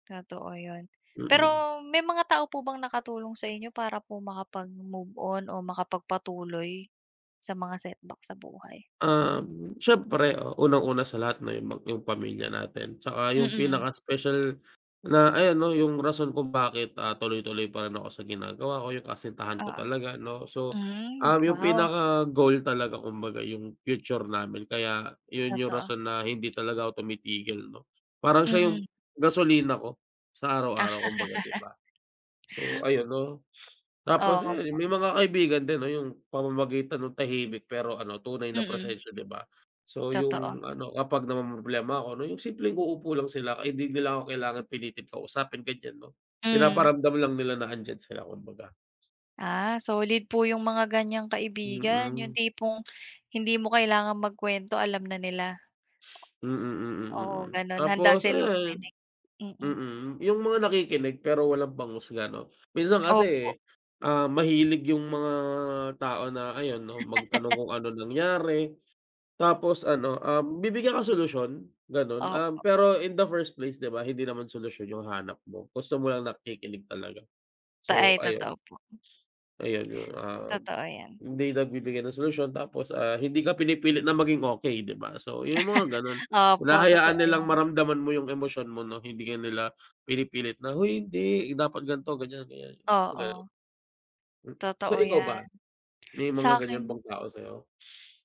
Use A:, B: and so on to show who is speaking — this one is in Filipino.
A: Totoo 'yun.
B: Mm.
A: Pero may mga tao po bang nakatulong sa inyo para po makapag-move on o makapagpatuloy, sa mga setback sa buhay?
B: Um, siyempre unang-una sa lahat 'no yung yung pamilya natin, 'tsaka yung
A: Mm.
B: pinaka special na ayan 'no yung rason kung bakit, ah, tuloy-tuloy pa rin ako sa ginagawa ko, yung kasintahan ko
A: Oo,
B: talaga 'no so,
A: hmm,
B: um, yung
A: wow.
B: pinaka goal talaga kumbaga yung future namin kaya yun yung
A: Totoo.
B: rason na hindi talaga ako tumitigil 'no. Parang siya
A: Hmm.
B: yung gasolina ko sa araw-araw kumbaga 'di ba? So ayun 'no. Tapos ayan
A: Opo.
B: may mga kaibigan din 'no yung pamamagitan ng tahimik pero ano tunay na
A: Mm.
B: prosesyo 'di ba? So
A: Totoo.
B: yung ano kapag namomroblema ako 'no yung simpleng uupo lang sila kay di nila ako kailangan pilitin kausapin, ganyan 'no.
A: Hmm.
B: Pinaparamdam lang nila na andiyan sila kumbaga.
A: Ah, solid po yung mga ganyang kaibigan, yung
B: Mm.
A: tipong hindi mo kailangang magkuwento alam na nila.
B: Mm, mm, mm.
A: Oo, gano'n handa
B: Tapos
A: silang
B: ayan
A: makinig, mm.
B: mm, yung mga nakikinig pero walang panghusga 'no, minsan
A: Opo.
B: kasi, um, mahilig yung mga tao na ayun 'no, magtanong kung anong nangyari, tapos ano, um, bibigyan ka solusyon gano'n, um,
A: Opo.
B: pero in the first place 'di ba? Hindi naman solusyon yung hanap mo, gusto mo lang nakikinig talaga,
A: Ta
B: so
A: ay,
B: ayun.
A: totoo po.
B: Ayun yung, um,
A: Totoo yan.
B: hindi nagbibigay ng solusyon tapos, ah, hindi ka pinipilit na maging okey 'di ba? So yung mga gano'n,
A: Opo,
B: hinahayaan
A: totoo
B: nilang
A: yan.
B: maramdaman mo yung emosyon mo 'no, hindi ka nila pinipilit na, "huy hindi, dapat ganito ganyan, ganyan" yung mga gano'n.
A: Oo.
B: Mm, so
A: Totoo
B: ikaw ba
A: yan.
B: may mga ganyan
A: Sa'kin
B: bang tao sayo?